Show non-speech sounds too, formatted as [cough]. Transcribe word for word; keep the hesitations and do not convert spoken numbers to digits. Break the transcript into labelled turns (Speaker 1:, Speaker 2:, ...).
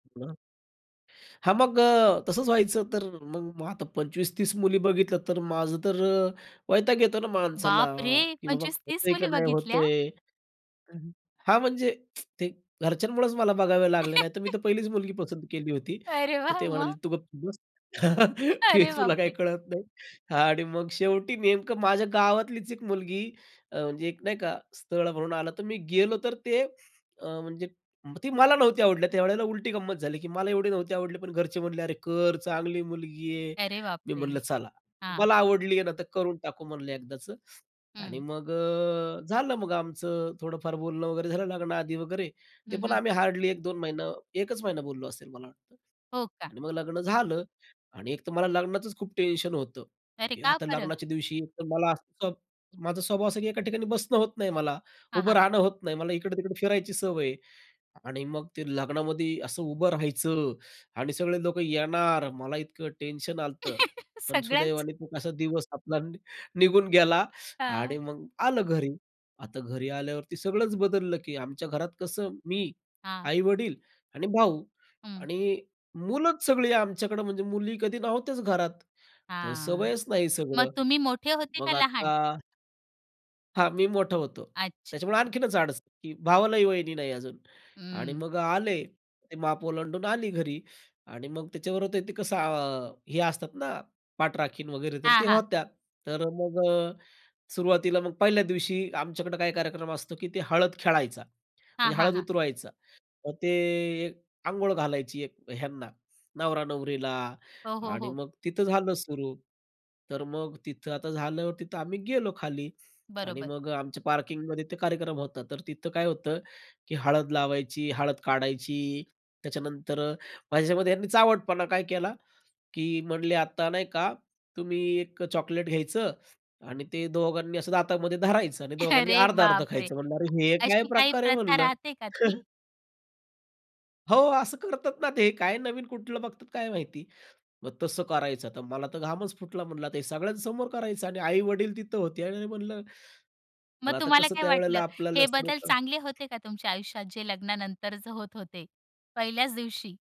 Speaker 1: हां मग अ, तसंच व्हायचं, तर मग आता पंचवीस-तीस मुली बघितल्या, तर माझं तर अ, वैताग येतो ना माणसाला,
Speaker 2: बापरे!
Speaker 1: की बाबा
Speaker 2: पंचवीस-तीस
Speaker 1: होतंय का,
Speaker 2: मुली
Speaker 1: नाही
Speaker 2: बघितल्या?
Speaker 1: होतंय हां, म्हणजे [tsk] ते घरच्यांमुळेच मला बघाव्या लागल्या, नाही तर मी
Speaker 2: [laughs]
Speaker 1: तर पहिलीच मुलगी पसंत केली होती.
Speaker 2: अरे
Speaker 1: तर
Speaker 2: वाह!
Speaker 1: ते म्हणाले,
Speaker 2: मग?
Speaker 1: "तू गपचूप बस. [laughs] हे
Speaker 2: अरे
Speaker 1: तुला काही
Speaker 2: बापरे!
Speaker 1: कळत नाही." हां आणि मग शेवटी नेमकं माझ्या गावातलीच एक मुलगी अ, म्हणजे एक नाही का स्थळ म्हणून आलं, तर मी गेलो, तर ते अ, म्हणजे मग ती मला नव्हती आवडल्या त्यावेळेला उलटी गंमत झाली, की मला एवढे नव्हते आवडली, पण घरचे म्हणले "अरे, कर, चांगली मुलगी आहे."
Speaker 2: अरे
Speaker 1: मी
Speaker 2: बापरे!
Speaker 1: म्हणलं चला.
Speaker 2: हां.
Speaker 1: "तुम्हाला आवडली आहे ना, तर करून टाकू म्हणलं एकदाच." आणि
Speaker 2: हं.
Speaker 1: मग अ, झालं मग आमचं थोडंफार बोलणं वगैरे झालं लग्नाआधी वगैरे, ते
Speaker 2: हं,
Speaker 1: पण
Speaker 2: हं.
Speaker 1: आम्ही हार्डली एक-दोन महिना, एकच महिना बोललो असेल मला वाटतं
Speaker 2: हो, का?
Speaker 1: आणि मग लग्न झालं. आणि एक तर मला लग्नाचच खूप टेन्शन होतं
Speaker 2: अरे!
Speaker 1: की
Speaker 2: का
Speaker 1: आता
Speaker 2: बरं?
Speaker 1: लग्नाच्या दिवशी एक तर मला माझा स्वभाव असा आहे की एका ठिकाणी बसणं होत नाही मला,
Speaker 2: हां,
Speaker 1: उभं
Speaker 2: हां.
Speaker 1: राहणं होत नाही. मला इकडे-तिकडे फिरायची सवय आहे आणि मग ते लग्नामध्ये असं उभं राहायचं आणि सगळे लोकं येणार. मला इतकं टेन्शन आलतं,
Speaker 2: [laughs]
Speaker 1: पण
Speaker 2: सगळ्याचं?
Speaker 1: सुदैवाने तो कसा दिवस आपला निघून गेला आणि
Speaker 2: हां.
Speaker 1: मग आलं घरी. आता घरी आल्यावरती सगळंच बदललं, की आमच्या घरात कसं मी,
Speaker 2: हां.
Speaker 1: आई-वडील आणि भाऊ
Speaker 2: हं.
Speaker 1: आणि मुलंच सगळी आमच्याकडे म्हणजे मुली कधी नव्हत्याच घरात. तर
Speaker 2: हां.
Speaker 1: सवयच नाही
Speaker 2: मग
Speaker 1: सगळं.
Speaker 2: तुम्ही मोठे होते
Speaker 1: मग
Speaker 2: का लहान?
Speaker 1: आता हां, मी मोठा होतो,
Speaker 2: अच्छा.
Speaker 1: त्याच्यामुळे
Speaker 2: अ
Speaker 1: आणखीनच अडचण, की भावालाही वहिनी नाही अजून आणि
Speaker 2: हं.
Speaker 1: मग आले, ते माप ओलांडून आली घरी आणि मग त्याच्याबरोबर तर ते कसं अ, हे असतात ना, पाठराखीण वगैरे तर
Speaker 2: हां,
Speaker 1: ते
Speaker 2: हां.
Speaker 1: होत्या. तर मग, सुरुवातीला मग पहिल्या दिवशी आमच्याकडं काही कार्यक्रम असतो की ते हळद खेळायचा.
Speaker 2: हां,
Speaker 1: म्हणजे
Speaker 2: हां,
Speaker 1: हळद
Speaker 2: हां.
Speaker 1: उतरवायचा, मग ते एक अंघोळ घालायची एक ह्यांना नवरा-नवरीला
Speaker 2: हो, हो,
Speaker 1: आणि
Speaker 2: हो.
Speaker 1: मग तिथं झालं सुरू. तर मग तिथं आता झालं, तिथं आम्ही गेलो खाली आणि
Speaker 2: बरोबर.
Speaker 1: मग अ, आमच्या पार्किंगमध्ये ते कार्यक्रम होता. तर तिथं काय होतं की हळद लावायची, हळद काढायची, त्याच्यानंतर माझ्याच्यामध्ये त्यांनी चावटपणा काय केला की म्हणले "आता नाही का तुम्ही एक चॉकलेट घ्यायचं आणि ते दोघांनी असं दातामध्ये धरायचं आणि दोघांनी
Speaker 2: अरे
Speaker 1: अर्ध अर्धं
Speaker 2: बापरे!
Speaker 1: खायचं." म्हणलं, "अरे हे काय
Speaker 2: अशी काही
Speaker 1: प्रकार आहे?"
Speaker 2: प्रथा
Speaker 1: म्हणलं.
Speaker 2: राहते का ती?
Speaker 1: [laughs] हो, असं करतात ना, ते काय नवीन कुठलं बघतात काय माहिती. मग तसं करायचं, तर मला तर घामच फुटला, म्हणल ते सगळ्यांसमोर करायचं आणि आई-वडील तिथं होते आणि म्हणलं,
Speaker 2: मग
Speaker 1: पण आता
Speaker 2: तुम्हाला
Speaker 1: कसं
Speaker 2: काय वाटलं?
Speaker 1: त्यावेळेला आपल्याला
Speaker 2: हे
Speaker 1: जास्त
Speaker 2: बदल
Speaker 1: लोकं
Speaker 2: चांगले होते का, तुमच्या आयुष्यात जे लग्नानंतरच होत होते? पहिल्याच दिवशी.